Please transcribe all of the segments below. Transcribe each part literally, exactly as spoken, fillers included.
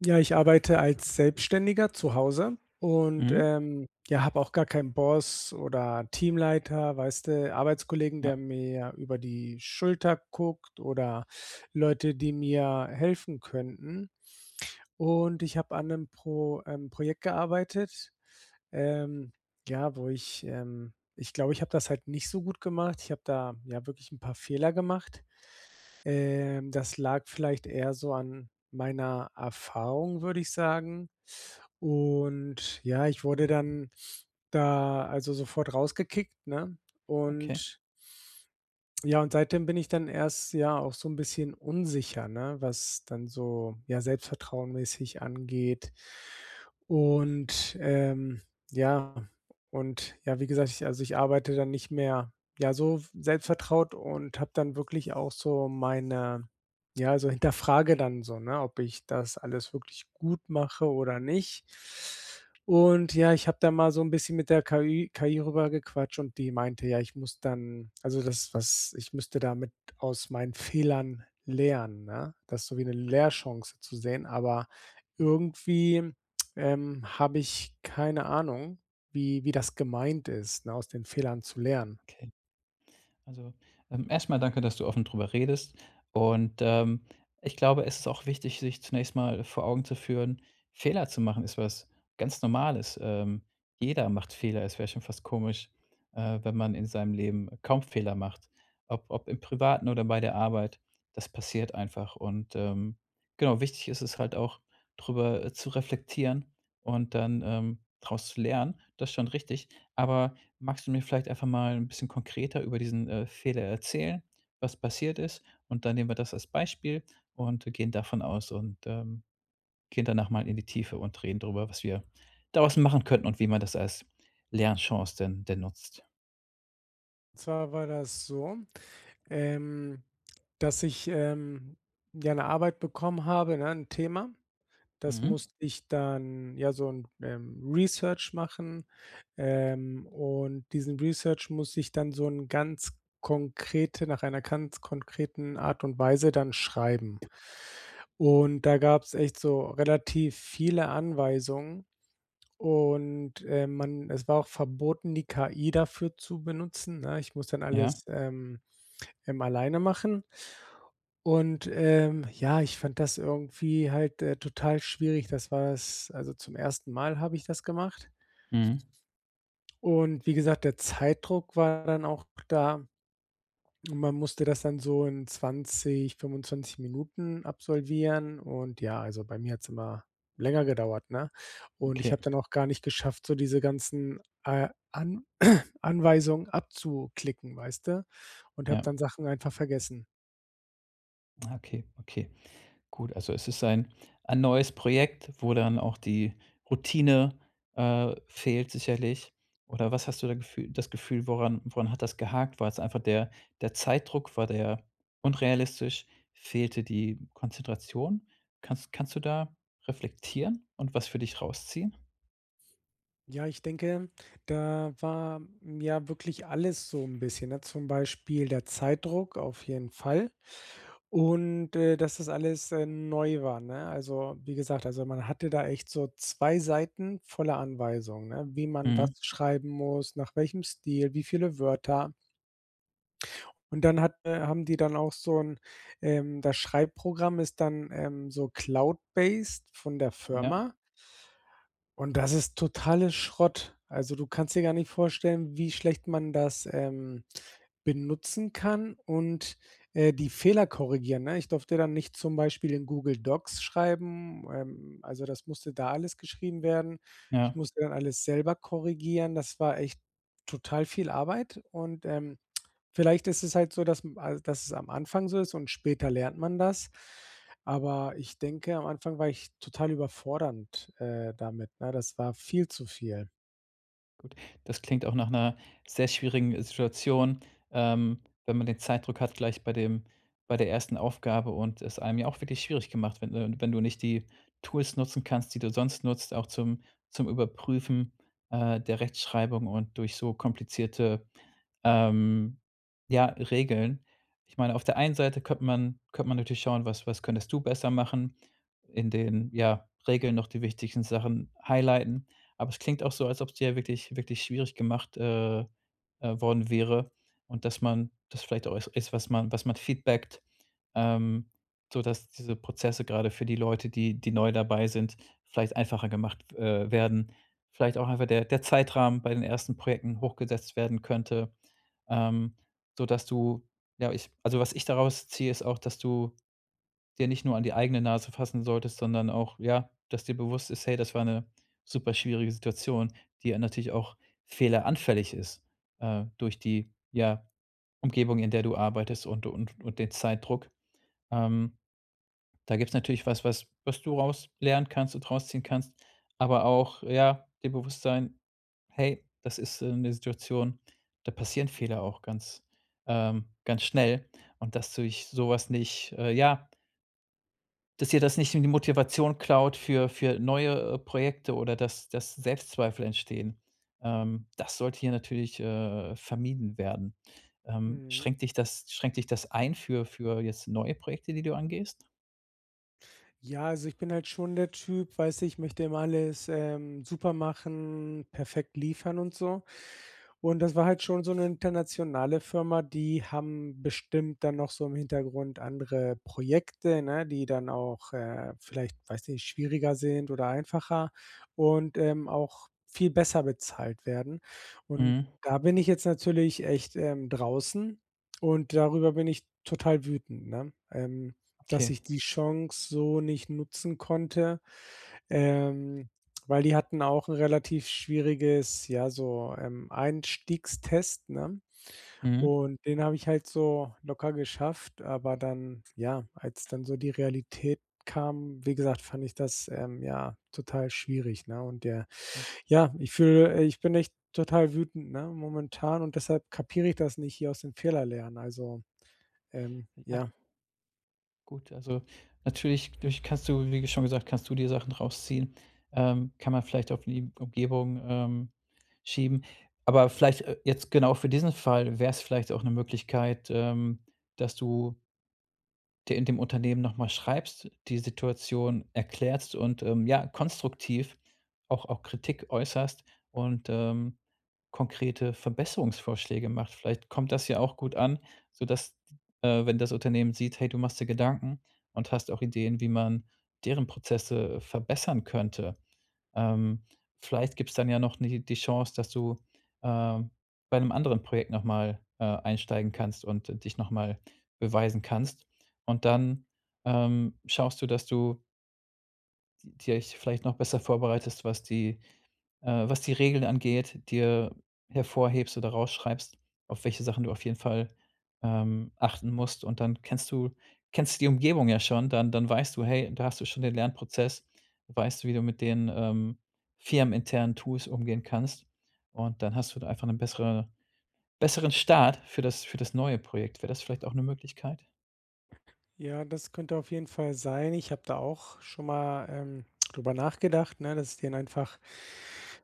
Ja, ich arbeite als Selbstständiger zu Hause und, Mhm. ähm, ja, habe auch gar keinen Boss oder Teamleiter, weißt du, Arbeitskollegen, Ja. der mir über die Schulter guckt oder Leute, die mir helfen könnten. Und ich habe an 'nem Pro ähm, Projekt gearbeitet, ähm, ja, wo ich, ähm ich glaube, ich habe das halt nicht so gut gemacht. Ich habe da, ja, wirklich 'n paar Fehler gemacht. Ähm, das lag vielleicht eher so an meiner Erfahrung würde ich sagen. Und ja, ich wurde dann da also sofort rausgekickt, ne? Okay. Und ja, und seitdem bin ich dann erst ja auch so 'n bisschen unsicher, ne, was dann so, ja, Selbstvertrauen-mäßig angeht. Und, ähm, ja, und ja, wie gesagt, ich also, ich arbeite dann nicht mehr, ja so selbst vertraut und habe dann wirklich auch so meine, ja so hinterfrage dann so, ne, ob ich das alles wirklich gut mache oder nicht? Und ja, ich habe da mal so 'n bisschen mit der KI KI rüber gequatscht und die meinte: Ja, ich muss dann, also, das was ich müsste damit aus meinen Fehlern lernen, ne, das ist so wie 'ne Lehrchance zu sehen, aber irgendwie, ähm, habe ich keine Ahnung, wie wie das gemeint ist, ne, aus den Fehlern zu lernen. Okay. Also, ähm, erstmal danke, dass du offen darüber redest und, ähm, ich glaube, es ist auch wichtig, sich zunächst mal vor Augen zu führen, Fehler zu machen ist was ganz Normales, ähm, jeder macht Fehler. Es wäre schon fast komisch, äh, wenn man in seinem Leben kaum Fehler macht. Ob ob im Privaten oder bei der Arbeit, das passiert einfach und, ähm, genau wichtig ist es halt auch, drüber, äh, zu reflektieren und dann, ähm, draus zu lernen, das ist schon richtig. Aber magst du mir vielleicht einfach mal 'n bisschen konkreter über diesen, äh, Fehler erzählen, was passiert ist? Und dann nehmen wir das als Beispiel und wir gehen davon aus und, ähm, gehen danach mal in die Tiefe und reden darüber, was wir daraus machen könnten und wie man das als Lernchance denn denn nutzt. Und zwar war das so, ähm, dass ich, ähm, ja, 'ne Arbeit bekommen habe, ne, 'n Thema. Das Mhm. musste ich dann ja, so 'n, ähm, Research machen. Ähm, und diesen Research muss ich dann so in ganz konkrete nach einer ganz konkreten Art und Weise dann schreiben. Und da gab's echt so relativ viele Anweisungen und, ähm, man es war auch verboten, die KI dafür zu benutzen, ne? Ich muss dann Ja. alles, ähm, ähm, alleine machen. Und, ähm, ja, ich fand das irgendwie, halt, äh, total schwierig, das war es also zum ersten Mal habe ich das gemacht Mhm. und wie gesagt, der Zeitdruck war dann auch da. Und man musste das dann so in zwanzig, fünfundzwanzig Minuten absolvieren. Und, ja, also bei mir hat's immer länger gedauert, ne? Und ich Okay. habe dann auch gar nicht geschafft, so diese ganzen, äh, An Anweisungen abzuklicken, weißt du, und habe Ja. dann Sachen einfach vergessen. Ja okay, okay. Gut, also es ist ein ein neues Projekt, wo dann auch die Routine, äh, fehlt sicherlich. Oder was hast du gefüh das Gefühl, woran woran hat das gehakt? War das einfach der der Zeitdruck, war der unrealistisch, fehlte die Konzentration? Kanns kannst du da reflektieren und was für dich rausziehen? Ja, ich denke, da war, ja, wirklich alles so 'n bisschen, ne? Zum Beispiel der Zeitdruck auf jeden Fall. Und, äh, dass das alles, äh, neu war, ne? Also, wie gesagt, also, man hatte da echt so zwei Seiten voller Anweisung, ne, wie man was Mhm. schreiben muss, nach welchem Stil, wie viele Wörter. Und dann hat, äh haben die dann auch so 'n, ähm das Schreibprogramm ist dann, ähm, so Cloud based von der Ja. Firma. Und das ist totale Schrott. Also, du kannst dir gar nicht vorstellen, wie schlecht man das, ähm, benutzen kann und, äh, die Fehler korrigieren, ne? Ich durfte dann nicht zum Beispiel in Google Docs schreiben, ähm, also, das musste da alles geschrieben werden. Ja. Ich musste dann alles selber korrigieren. Das war echt total viel Arbeit und, ähm, vielleicht ist es halt so, dass m al dass es am Anfang so ist und später lernt man das, aber ich denke, am Anfang war ich total überfordernd, äh, damit, ne? Das war viel zu viel. Gut, das klingt auch nach 'ner sehr schwierigen Situation, ähm, wenn man den Zeitdruck hat gleich bei dem bei der ersten Aufgabe und es einem ja auch wirklich schwierig gemacht wird, ne? Wenn du nicht die Tools nutzen kannst, die du sonst nutzt, auch zum zum Überprüfen, äh, der Rechtschreibung und durch so komplizierte, ähm, ja, Regeln. Ich meine auf der einen Seite könnte man könnte man natürlich schauen, was was könntest du besser machen. In den, ja, Regeln noch die wichtigsten Sachen highlighten. Aber es klingt auch so, als ob's dir wirklich wirklich schwierig gemacht, äh, äh, worden wäre und dass man das vielleicht au ist, was man was man feedbackt, ähm, sodass diese Prozesse, gerade für die Leute, die die neu dabei sind, vielleicht einfacher gemacht w äh, werden. Vielleicht auch einfach der der Zeitrahmen bei den ersten Projekten hochgesetzt werden könnte, ähm, sodass du ja, ich also, was ich daraus ziehe ist auch, dass du dir nicht nur an die eigene Nase fassen solltest, sondern auch, ja, dass dir bewusst ist: „Hey, das war 'ne super schwierige Situation“, die ja natürlich auch fehleranfällig ist, äh, durch die, ja, Umgebung, in der du arbeitest und und und den Zeitdruck. Ähm, da gibt's natürlich was, was was du raus lernen kannst und rausziehen kannst, aber auch, ja dir bewusst sein: „Hey, das ist, äh, 'ne Situation, da passieren Fehler auch ganz ähm, ganz schnell und das durch sowas nicht äh, ja“ Dass dir das nicht i die Motivation klaut für für neue Projekte oder dass dass Selbstzweifel entstehen. Ähm, das sollte hier natürlich, äh, vermieden werden. Ähm, Mhm. schränkt dich das schränkt dich das ein für für jetzt neue Projekte, die du angehst? Ja, also ich bin halt schon der Typ, weißt du, ich möchte immer alles, ähm, super machen, perfekt liefern und so. Und das war halt schon so 'ne internationale Firma, die haben bestimmt dann noch so im Hintergrund andere Projekte, ne, die dann auch, äh, vielleicht, weiß nicht, schwieriger sind oder einfacher und, ähm, auch viel besser bezahlt werden. Und Mhm. da bin ich jetzt natürlich echt, ähm, draußen und darüber bin ich total wütend, ne, ähm, dass Okay. ich die Chance so nicht nutzen konnte. Ähm, weil die hatten auch 'n relativ schwieriges, ja so, ähm, Einstiegstest, ne? Mhm. Und den habe ich halt so locker geschafft, aber dann ja, als dann so die Realität kam, wie gesagt, fand ich das, ähm, ja, total schwierig, ne? Und der [unintelligible] ja, ich fühle, äh ich bin echt total wütend, ne, momentan und deshalb kapiere ich das nicht hier aus den Fehler lernen, also, ähm, Ja. ja. Gut, also natürlich vielleicht kannst du, wie schon gesagt, kannst du dir Sachen rausziehen. Ähm, kann man vielleicht auf die Umgebung, ähm, schieben. Aber vielleicht, äh, jetzt genau für diesen Fall wäre es vielleicht auch 'ne Möglichkeit, ähm, dass du der äh, dem Unternehmen noch mal schreibst, die Situation erklärst und, ähm, ja, konstruktiv auch auch Kritik äußerst und, ähm, konkrete Verbesserungsvorschläge macht. Vielleicht kommt das ja auch gut an, so dass d äh, wenn das Unternehmen sieht, hey, du machst dir Gedanken und hast auch Ideen, wie man deren Prozesse verbessern könnte. Ähm, vielleicht gibt's dann ja noch ni die Chance, dass du, ähm, bei 'nem anderen Projekt nochmal, äh, einsteigen kannst und dich nochmal beweisen kannst. Und dann, ähm, schaust du, dass du Die euch vielleicht noch besser vorbereitest, was die, äh was die Regeln angeht, dir hervorhebst oder raus schreibst, auf welche Sachen du auf jeden Fall, ähm, achten musst. Und dann kennst du kennst die Umgebung ja schon, dann dann weißt du: „Hey, da hast du schon den Lernprozess.“ Weißt du, wie du mit den, ähm, firmeninternen Tools umgehen kannst. Und dann hast du einfach 'ne bessere besseren Start für das für das neue Projekt. Wäre das vielleicht auch 'ne Möglichkeit? Ja, das könnte auf jeden Fall sein. Ich habe da auch schon mal, ähm, darüber nachgedacht, ne, dass ich den einfach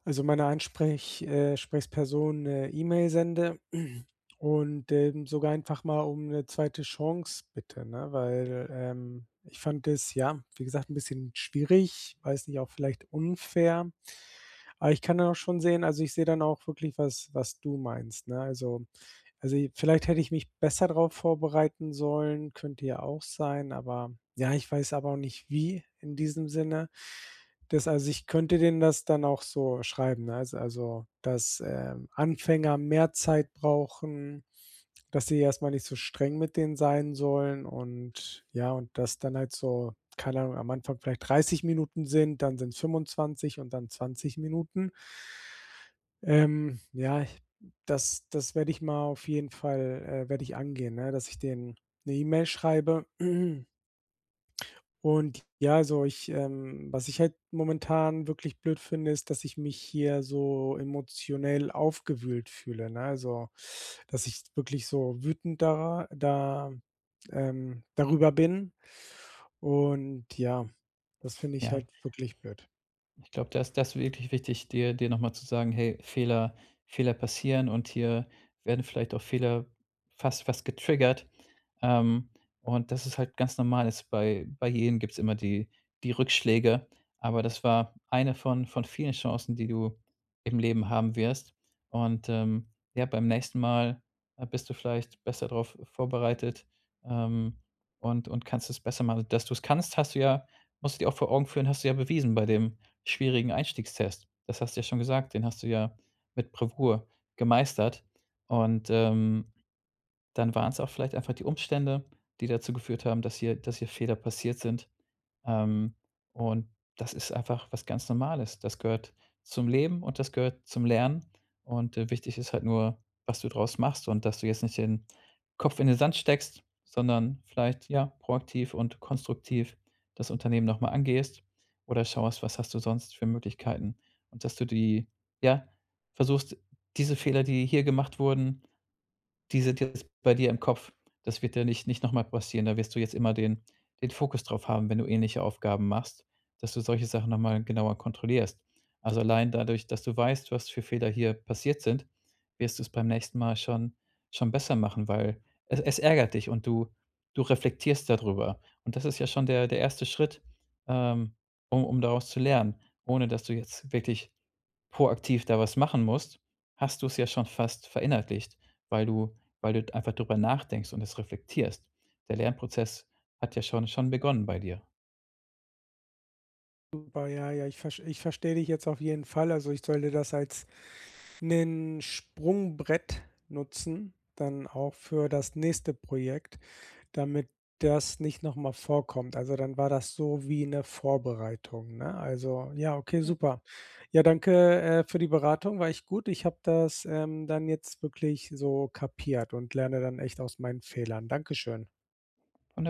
also, meiner Ansprech äh, Sprechsperson 'ne E-Mail sende und, ähm, sogar einfach mal um 'ne zweite Chance bitte, ne? Weil, ähm, ich fand das ja, wie gesagt, 'n bisschen schwierig, weiß nicht, auch vielleicht unfair. Aber ich kann dann auch schon sehen also, ich sehe dann auch wirklich was was du meinst, ne? Also, also, i vielleicht hätte ich mich besser darauf vorbereiten sollen, könnte ja auch sein, aber ja, ich weiß aber auch nicht wie in diesem Sinne. Das also, ich könnte denen das dann auch so schreiben, ne? S also, dass, ähm, Anfänger mehr Zeit brauchen. Dass sie erstmal nicht so streng mit denen sein sollen und ja, und dass dann halt so, keine Ahnung, am Anfang vielleicht dreißig Minuten sind, dann sind es fünfundzwanzig und dann zwanzig Minuten. Ähm, ja, das das werde ich mal auf jeden Fall, äh werde ich angehen, ne, dass ich denen 'ne E-Mail schreibe. Und ja, also ich, ähm was ich halt momentan wirklich blöd finde, ist, dass ich mich hier so emotionell aufgewühlt fühle, ne? Also, dass ich wirklich so wütend da da ähm, darüber bin und ja, das finde ich Ja. halt wirklich blöd. Ich glaube, das ist das wirklich wichtig, dir dir nochmal zu sagen: „Hey, Fehler Fehler passieren und hier werden vielleicht auch Fehler fast fast getriggert.“ Ähm, und das ist halt ganz normal ist bei bei jedem gibt es immer die die Rückschläge, aber das war eine von von vielen Chancen, die du im Leben haben wirst. Und, ähm, ja, beim nächsten Mal, äh, bist du vielleicht besser drauf vorbereitet. Ähm, und und kannst es besser machen. Dass du es kannst, hast du ja musst du dir auch vor Augen führen, hast du ja bewiesen bei dem schwierigen Einstiegstest. Das hast du ja schon gesagt, den hast du ja mit Bravour gemeistert und, ähm, dann waren's auch vielleicht einfach die Umstände, die dazu geführt haben, dass hier dass hier Fehler passiert sind. Ähm, und das ist einfach was ganz Normales. Das gehört zum Leben und das gehört zum Lernen. Und, äh, wichtig ist halt nur, was du daraus machst und dass du jetzt nicht den Kopf in den Sand steckst, sondern vielleicht, ja, proaktiv und konstruktiv das Unternehmen noch mal angehst oder schaust, was hast du sonst für Möglichkeiten? Und, dass du die, ja versuchst, diese Fehler, die hier gemacht wurden, diese [unintelligible] bei dir im Kopf, das wird dir nicht nicht noch mal passieren. Da wirst du jetzt immer den den Fokus drauf haben, wenn du ähnliche Aufgaben machst, dass du solche Sachen nochmal genauer kontrollierst. Also, allein dadurch, dass du weißt, was für Fehler hier passiert sind, wirst du es beim nächsten Mal schon schon besser machen, weil es es ärgert dich und du du reflektierst da drüber. Und das ist ja schon der der erste Schritt, ähm, um um daraus zu lernen. Ohne, dass du jetzt wirklich proaktiv da was machen musst, hast du es ja schon fast verinnerlicht, weil du weil du einfach darüber nachdenkst und das reflektierst. Der Lernprozess hat ja schon schon begonnen bei dir. Super. Ja, ja, ich verst ich verstehe dich jetzt auf jeden Fall. Also, ich sollte das als 'nen Sprungbrett nutzen, dann auch für das nächste Projekt, damit das nicht noch mal vorkommt. Also, dann war das so wie 'ne Vorbereitung, ne? Also, ja okay, Ja. super. Ja, danke, äh, für die Beratung, war echt gut. Ich habe das, ähm, dann jetzt wirklich so kapiert und lerne dann echt aus meinen Fehlern. Dankeschön. [unintelligible]